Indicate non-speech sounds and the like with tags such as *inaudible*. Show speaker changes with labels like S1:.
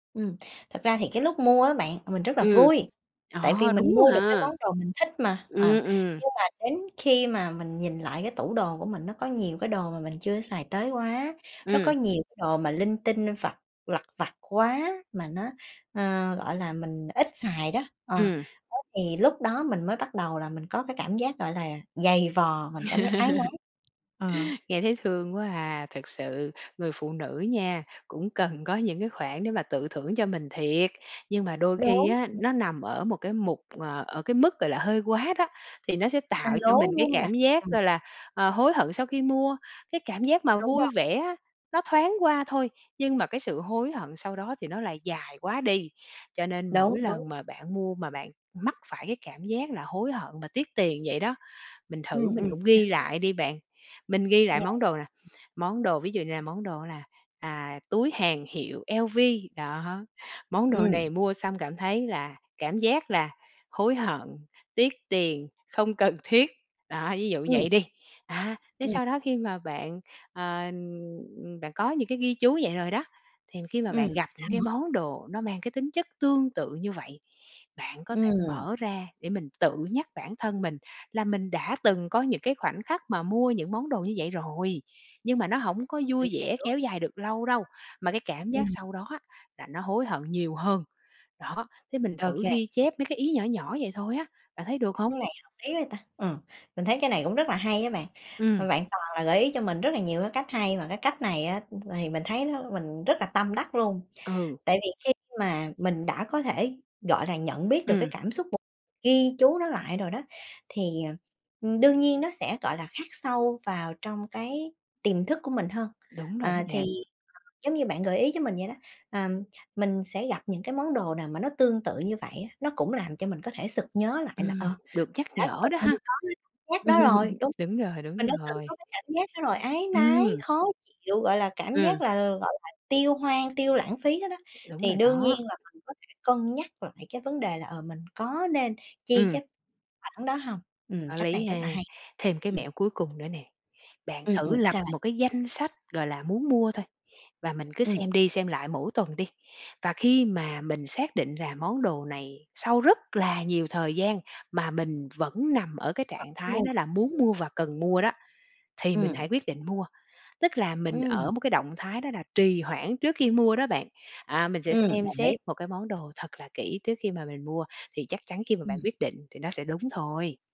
S1: Ừm, thật ra thì cái lúc mua á bạn, mình rất là
S2: Ừm.
S1: vui, tại vì
S2: Ờ,
S1: mình
S2: đúng đó
S1: mua được cái
S2: ha.
S1: món đồ mình thích mà, à,
S2: Ừm, ừm.
S1: nhưng mà đến khi mà mình nhìn lại cái tủ đồ của mình nó có nhiều cái đồ mà mình chưa xài tới quá, nó có
S2: Ừm.
S1: nhiều cái đồ mà linh tinh vặt lặt vặt quá mà nó, ơ, gọi là, mình ít xài đó, ờ,
S2: Ừm.
S1: đó thì lúc đó mình mới bắt đầu là mình có cái cảm giác, gọi là, dày vò, mình cảm giác áy
S2: *laughs*
S1: náy, ờ.
S2: Nghe thấy thương quá à. Thực sự người phụ nữ nha, cũng cần có những cái khoản để mà tự thưởng cho mình thiệt, nhưng mà đôi khi
S1: Đúng,
S2: á
S1: ừm.
S2: nó nằm ở một cái mục, ờ, ở cái mức, gọi là, hơi quá đó thì nó sẽ
S1: Hơi
S2: tạo cho
S1: lố,
S2: mình
S1: đúng
S2: cái
S1: hông bạn?
S2: cảm giác,
S1: Ừm.
S2: gọi là, ờ, hối hận sau khi mua. Cái cảm giác mà
S1: Đúng rồi.
S2: vui vẻ á, nó thoáng qua thôi, nhưng mà cái sự hối hận sau đó thì nó lại dài quá đi. Cho nên
S1: Đúng,
S2: mỗi
S1: đúng.
S2: lần mà bạn mua mà bạn mắc phải cái cảm giác là hối hận mà tiếc tiền vậy đó, mình thử
S1: Ừm,
S2: mình
S1: ừm,
S2: cũng
S1: sao?
S2: ghi lại đi bạn. Mình ghi lại
S1: Yeah.
S2: món đồ nè, món đồ ví dụ như là món đồ là, à, túi hàng hiệu LV đó, món đồ
S1: Ừm.
S2: này mua xong cảm thấy là cảm giác là hối hận, tiếc tiền, không cần thiết. Đó, ví dụ
S1: Ừm.
S2: vậy đi, á, thế
S1: Ừm.
S2: sau đó khi mà bạn, ờ, ừm, đã có những cái ghi chú vậy rồi đó, thì khi mà
S1: Ừm,
S2: bạn gặp
S1: sao
S2: những cái
S1: nữa?
S2: món đồ nó mang cái tính chất tương tự như vậy, bạn có thể
S1: Ừm.
S2: mở ra để mình tự nhắc bản thân mình là mình đã từng có những cái khoảnh khắc mà mua những món đồ như vậy rồi, nhưng mà nó hổng có
S1: Mình
S2: vui vẻ
S1: hiểu.
S2: kéo dài được lâu đâu mà cái cảm giác
S1: Ừm.
S2: sau đó á là nó hối hận nhiều hơn. Đó, thế mình
S1: Ô
S2: thử
S1: kê.
S2: ghi
S1: Ừm.
S2: chép mấy cái ý nhỏ nhỏ vậy thôi á, bạn thấy được hông?
S1: Cái này hợp lý vậy ta, ừm, mình thấy cái này cũng rất là hay á bạn, mà
S2: Ừm.
S1: bạn toàn là gợi ý cho mình rất là nhiều cái cách hay mà cái cách này á thì mình thấy nó mình rất là tâm đắc luôn.
S2: Ừ.
S1: Tại vì khi mà mình đã có thể, gọi là, nhận biết được cái
S2: Ừm.
S1: cảm xúc và ghi chú nó lại rồi đó thì, ờ, ưm, đương nhiên nó sẽ, gọi là, khắc sâu vào trong cái tiềm thức của mình hơn.
S2: Đúng rồi đó
S1: À,
S2: bạn.
S1: thì giống như bạn gợi ý cho mình vậy đó, ờm, mình sẽ gặp những cái món đồ nào mà nó tương tự như vậy á, nó cũng làm cho mình có thể sực nhớ lại là,
S2: Ừm,
S1: ờ,
S2: được
S1: mình
S2: nhắc
S1: đã
S2: nhở
S1: từng
S2: đó ha.
S1: có cái cảm giác đó rồi.
S2: *laughs*
S1: Đúng,
S2: Đúng rồi, đúng
S1: mình đã từng
S2: rồi.
S1: có cái cảm giác đó rồi, áy náy,
S2: Ừm.
S1: khó chịu, gọi là, cảm giác
S2: Ừm.
S1: là, gọi là, tiêu hoang, tiêu lãng phí đó đó,
S2: Đúng
S1: thì
S2: rồi
S1: đương nhiên
S2: đó.
S1: là mình có thể cân nhắc lại cái vấn đề là, ờ, mình có nên chi
S2: Ừm.
S1: cái khoản đó hông. Ừm,
S2: Có
S1: cách này
S2: lý
S1: rất
S2: ha.
S1: là hay.
S2: Thêm cái
S1: Ừm.
S2: mẹo cuối cùng nữa nè. Bạn
S1: Ừm,
S2: thử
S1: ừm,
S2: lập
S1: sao bạn?
S2: một cái danh sách, gọi là, muốn mua thôi và mình cứ
S1: Ừm.
S2: xem đi xem lại mỗi tuần đi. Và khi mà mình xác định là món đồ này sau rất là nhiều thời gian mà mình vẫn nằm ở cái
S1: Vẫn
S2: trạng thái
S1: mua,
S2: đó là muốn
S1: ừm.
S2: mua và cần mua đó thì mình
S1: Ừm.
S2: hãy quyết định mua. Tức là mình ở
S1: Ừm.
S2: một cái động thái đó là trì hoãn trước khi mua đó bạn. À, mình sẽ
S1: Ừm,
S2: xem
S1: đồng
S2: xét
S1: ý.
S2: một cái món đồ thật là kỹ trước khi mà mình mua, thì chắc chắn khi mà bạn
S1: Ừm.
S2: quyết định thì nó sẽ đúng thôi.